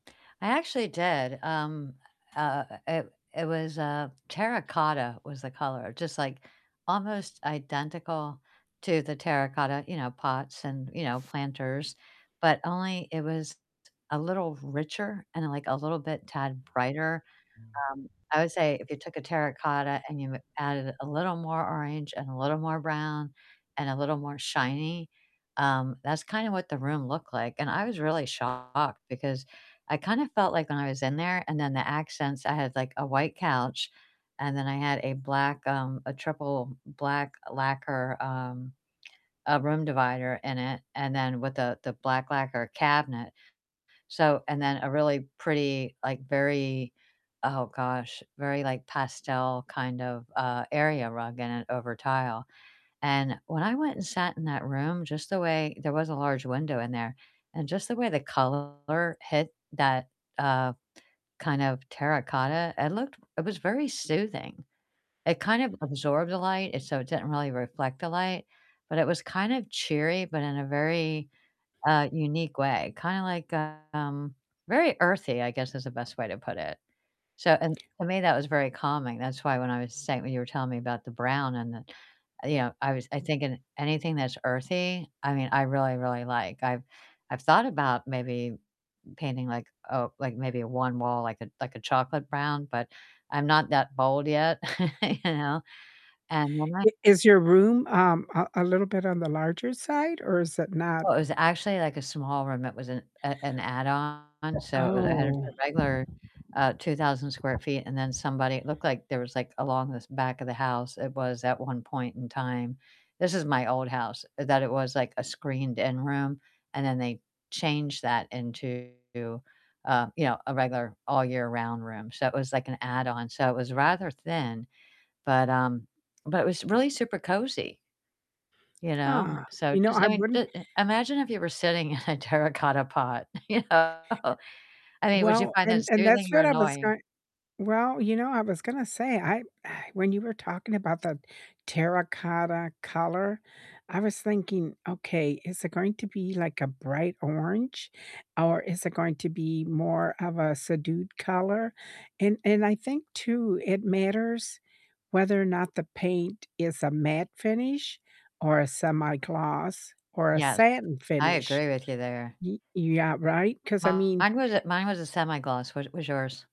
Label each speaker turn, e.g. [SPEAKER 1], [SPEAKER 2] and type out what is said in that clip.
[SPEAKER 1] I actually did, um, uh uh uh, it it was, uh terracotta was the color, just, like, almost identical to the terracotta, you know, pots and, you know, planters, but only it was t a little richer and, like, a little bit tad brighter, um, I would say if you took a terracotta and you added a little more orange, and a little more brown, and a little more shiny, um, that's kinda what the room looked like, and I was really shocked because I kinda felt like when I was in there and then the accents, I had, like, a white couch, and then I had a black, um a triple black lacquer, um, uh, room divider in it, and then with a the black lacquer cabinet. So and then a really pretty, like, very oh gosh, very, like, pastel kind of, uh, area rug in it over tile. And when I went and sat in that room, just the way there was a large window in there, and just the way the color hit that, uh, kind of terracotta, it looked it was very soothing. It kind of absorbed the light, it so it didn't really reflect the light, but it was kind of cheery, but in a very, uh, unique way, kinda like, um, very earthy, I guess, is the best way to put it. So and to me, that was very calming, that's why when I was say when you were telling me about the brown and the you know, I was I thinking anything that's earthy, I mean, I really, really like, I've I've thought about maybe painting like a like, maybe one wall, like a like, a chocolate brown, but I'm not that bold yet, you know? And, when I
[SPEAKER 2] I is your room, um, a a little bit on the larger side or is it not
[SPEAKER 1] Oh, it was actually, like, a small room, it was an, uh an add-on, so it was it had just
[SPEAKER 2] Oh.
[SPEAKER 1] a regular, uh, 2,000 square feet, and then somebody It looked like there was, like, along this back of the house, it was at one point in time this is my old house, that it was, like, a screened-in room, and then they changed that into, uh, you know, a regular all-year-round room, so it was, like, an add-on, so it was rather thin, but, um but, it was really super cozy you know?
[SPEAKER 2] Huh,
[SPEAKER 1] So,
[SPEAKER 2] you know,
[SPEAKER 1] just
[SPEAKER 2] I
[SPEAKER 1] I mean,
[SPEAKER 2] wouldn't
[SPEAKER 1] j uh, imagine if you were sitting in a terracotta pot, you know? I mean, would you
[SPEAKER 2] Well,
[SPEAKER 1] find
[SPEAKER 2] and
[SPEAKER 1] that
[SPEAKER 2] and
[SPEAKER 1] soothing
[SPEAKER 2] that's
[SPEAKER 1] or
[SPEAKER 2] what I was
[SPEAKER 1] annoying?
[SPEAKER 2] going well, you know, I was gonna say, I when you were talking about the terracotta color, I was thinking, "Okay, is it going to be, like, a bright orange? Or is it going to be more of a subdued color?" And and I think too, it matters whether or not the paint is a matte finish, or a semi-gloss, or a
[SPEAKER 1] Yes.
[SPEAKER 2] satin
[SPEAKER 1] I
[SPEAKER 2] finish.
[SPEAKER 1] agree with you there.
[SPEAKER 2] Y yeah, right? 'Cause, I mean
[SPEAKER 1] Mine was a mine was a semi-gloss, what was yours?